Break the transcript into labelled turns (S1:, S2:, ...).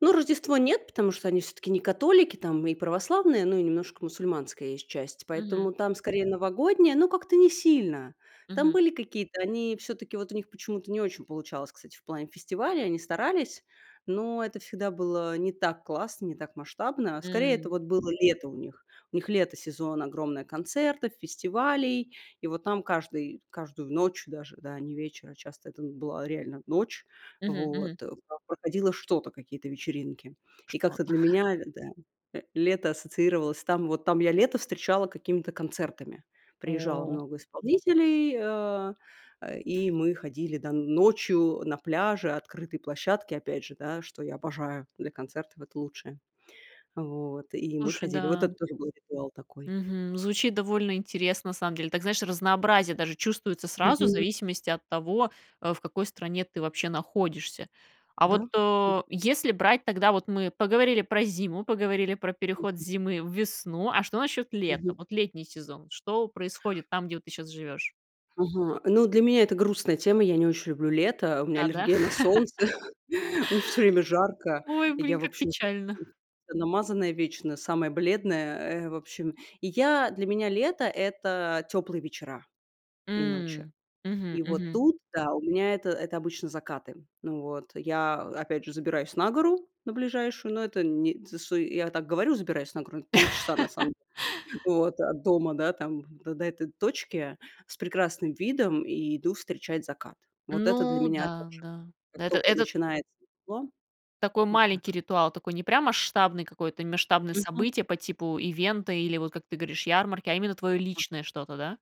S1: Ну, Рождество нет, потому что они всё-таки не католики, там и православные, но и немножко мусульманская есть часть.
S2: Мгм.
S1: Поэтому там, скорее новогодняя, но как-то не сильно. Там
S2: Мгм.
S1: были какие-то они всё-таки вот у них почему-то не очень получалось, кстати, в плане фестивалей, они старались, но это всегда было не так классно, не так масштабно. Скорее это
S2: М.
S1: вот было лето у них. У них лето, сезон, огромное концертов, фестивалей. И вот там каждый каждую ночь даже, да, не вечер, а часто это была реально ночь,
S2: Мгм
S1: вот.
S2: мгм.
S1: Там проходило что-то, какие-то вечеринки. И как-то
S2: Что-то.
S1: для меня да, э, лето ассоциировалось, там, вот там я лето встречала какими-то концертами. Приезжало
S2: О.
S1: много исполнителей, э, э, и мы ходили, да, ночью, да, на пляже, открытой площадке опять же, да, что я обожаю для концертов, это лучшее. Вот. И мы
S2: Слушай,
S1: ходили. Вот
S2: да.
S1: это тоже был ритуал такой.
S2: Мгм. Звучит довольно интересно, на самом деле. Так, знаешь, разнообразие даже чувствуется сразу, в
S1: Мгм.
S2: зависимости от того, э, в какой стране ты, вообще, находишься. А
S1: Да,
S2: вот,
S1: да.
S2: э, если брать тогда, вот мы поговорили про зиму, поговорили про переход с
S1: Мгм.
S2: зимы в весну, а что насчёт лета?
S1: Мгм.
S2: Вот летний сезон, что происходит там, где вот ты сейчас живёшь?
S1: Ага. Ну, для меня это грустная тема. Я не очень люблю лето. У меня
S2: А, да?
S1: аллергия на солнце. Мне всё время жарко.
S2: Ой,
S1: Я,
S2: блин,
S1: в
S2: как
S1: общем,
S2: печально.
S1: намазанная вечно, самая бледная, э. В общем, и я для меня лето- это теплые вечера и ночи.
S2: М, мгм
S1: И вот
S2: мгм.
S1: тут, да у меня это это обычно закаты. Вот, я опять же забираюсь на гору на ближайшую, но это не тшт я так говорю: "Забираюсь на гору", полчаса на самом деле вот от дома, да, там до до этой точки с прекрасным видом и иду встречать закат. Вот это для
S2: Ну,
S1: меня
S2: да,
S1: тоже.
S2: да,
S1: Как
S2: это
S1: тока
S2: этот
S1: начинается тепло.
S2: Такой
S1: Вот
S2: маленький
S1: так.
S2: ритуал, такой не прям масштабный какое-то масштабное
S1: Мгм.
S2: событие, по типу ивента или вот, как ты говоришь, ярмарки, а именно твоё
S1: А.
S2: личное что-то, да?